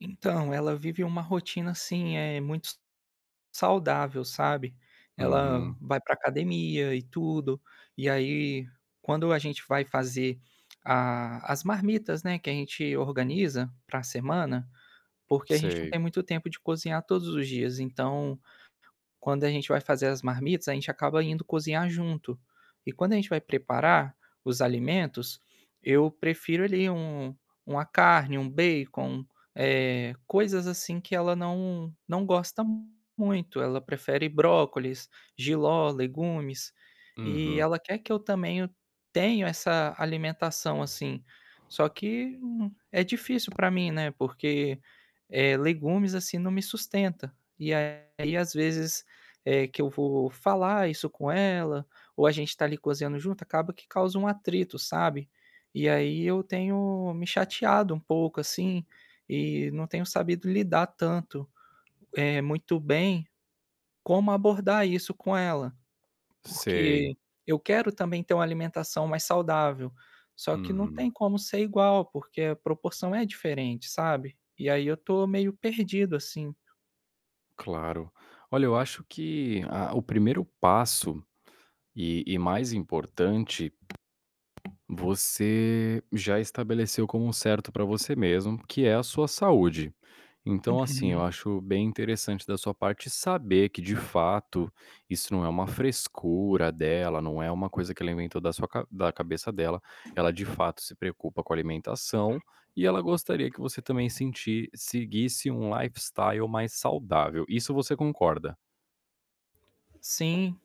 Então ela vive uma rotina, assim, eh, muito saudável, sabe. Ela Uhum. vai para academia e tudo, e, aí, quando a gente vai fazer ah, as marmitas, né, que a gente organiza para semana, porque a gente não tem Sei. muito tempo de cozinhar todos os dias, então, quando a gente vai fazer as marmitas a gente acaba indo cozinhar junto e quando a gente vai preparar os alimentos, eu prefiro, ali, um uma carne, um bacon, eh, coisas, assim, que ela não não gosta muito, ela prefere brócolis, jiló, legumes, e Uhum. ela quer que eu também eu tenho essa alimentação assim, só que, hum, é difícil para mim, né, porque, eh, legumes, assim, não me sustenta e, aí, às vezes, eh, que eu vou falar isso com ela ou a gente tá ali cozinhando junto, acaba que causa um atrito, sabe. E, aí, eu tenho me chateado um pouco, assim, e não tenho sabido lidar tanto, eh, muito bem, como abordar isso com ela, Sei. porque eu quero também ter uma alimentação mais saudável, só que não tem Uhum. como ser igual, porque a proporção é diferente, sabe. E, aí, eu estou meio perdido assim. Claro, olha, eu acho que a o primeiro passo e e mais importante, você já estabeleceu como um certo para você mesmo, que é a sua saúde. Então, assim, eu Uhum. acho bem interessante da sua parte saber que de fato isso não é uma frescura dela, não é uma coisa que alimenta da sua ca da cabeça dela, ela de fato se preocupa com a alimentação e ela gostaria que você também sentir seguisse um lifestyle mais saudável, isso você concorda? Sim,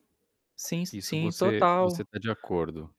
sim, Isso sim, você você total. tá de acordo?